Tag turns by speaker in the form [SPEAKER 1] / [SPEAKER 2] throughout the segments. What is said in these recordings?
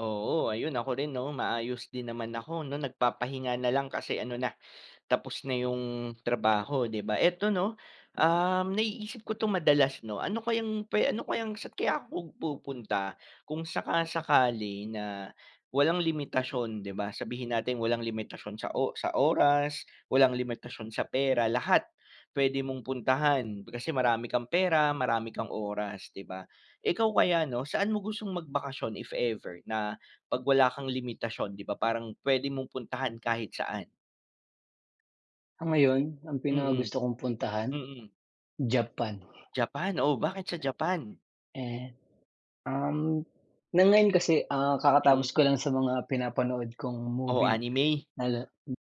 [SPEAKER 1] Oo, ayun, ako rin, 'no, maayos din naman ako, 'no, nagpapahinga na lang kasi ano na, tapos na yung trabaho, di ba eto, 'no, um, naiisip ko ito madalas, 'no? Ano kayang pwe ano kayang saan kaya ako pum pupunta? Kung saka-sakali na walang limitasyon, di ba, sabihin natin walang limitasyon sa o sa oras. Walang limitasyon sa pera, lahat. Puwede mong puntahan kasi marami kang pera, marami kang oras, di ba? Ikaw, kaya, ano, saan mo gustong magbakasyon if ever, na pag wala kang limitasyon, di ba parang puwede mong puntahan kahit saan.
[SPEAKER 2] Ah, ngayon ang
[SPEAKER 1] Mm.
[SPEAKER 2] pinakagusto kong puntahan,
[SPEAKER 1] Mm.
[SPEAKER 2] Japan.
[SPEAKER 1] Japan, oh, bakit sa Japan?
[SPEAKER 2] Eh, um, ng ngayon kasi, ah,
[SPEAKER 1] Mm.
[SPEAKER 2] kakatapos ko lang sa mga pinapanood kong
[SPEAKER 1] O
[SPEAKER 2] movie
[SPEAKER 1] anime?
[SPEAKER 2] na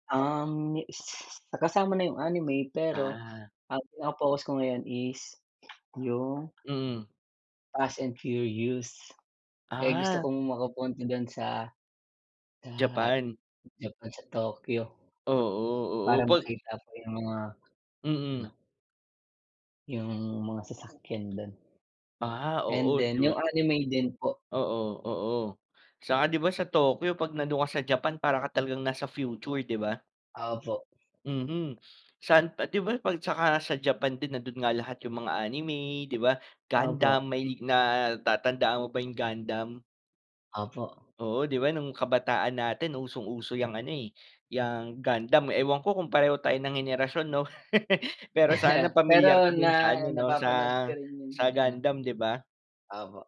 [SPEAKER 2] um, s kasama na yung anime, pero
[SPEAKER 1] Ah.
[SPEAKER 2] pinaka focus ko ngayon is yung
[SPEAKER 1] Mm.
[SPEAKER 2] Fast and Furious, eh, gusto
[SPEAKER 1] Ah.
[SPEAKER 2] ko makapunta dun sa, sa
[SPEAKER 1] Japan.
[SPEAKER 2] Japan, sa Tokyo
[SPEAKER 1] Oo, oo
[SPEAKER 2] para
[SPEAKER 1] pag
[SPEAKER 2] makita ko yung mga ano
[SPEAKER 1] Mm.
[SPEAKER 2] yung mga sasakyan dun.
[SPEAKER 1] Ah,
[SPEAKER 2] And
[SPEAKER 1] oo,
[SPEAKER 2] then,
[SPEAKER 1] di ba?
[SPEAKER 2] yung anime din po.
[SPEAKER 1] Oo, oo, saka di ba sa Tokyo pag nandun ka sa Japan para ka talagang nasa future, di ba?
[SPEAKER 2] Opo.
[SPEAKER 1] Mhm, saan pa di ba pag at tsaka sa Japan din nandoon nga lahat yung mga anime, di ba?
[SPEAKER 2] Opo.
[SPEAKER 1] Gundam may natatandaan mo ba yung Gundam?
[SPEAKER 2] Opo.
[SPEAKER 1] Oo, di ba, nung kabataan natin usong uso yang ano, eh, yang Gundam. Ewan ko kung pareho tayo ng henerasyon, 'no, pero sana
[SPEAKER 2] Pero
[SPEAKER 1] pamilyar ka dun
[SPEAKER 2] na
[SPEAKER 1] sa ano, 'no, sa
[SPEAKER 2] napapanood ko rin yung
[SPEAKER 1] sa
[SPEAKER 2] ano
[SPEAKER 1] gundam, di ba?
[SPEAKER 2] opo.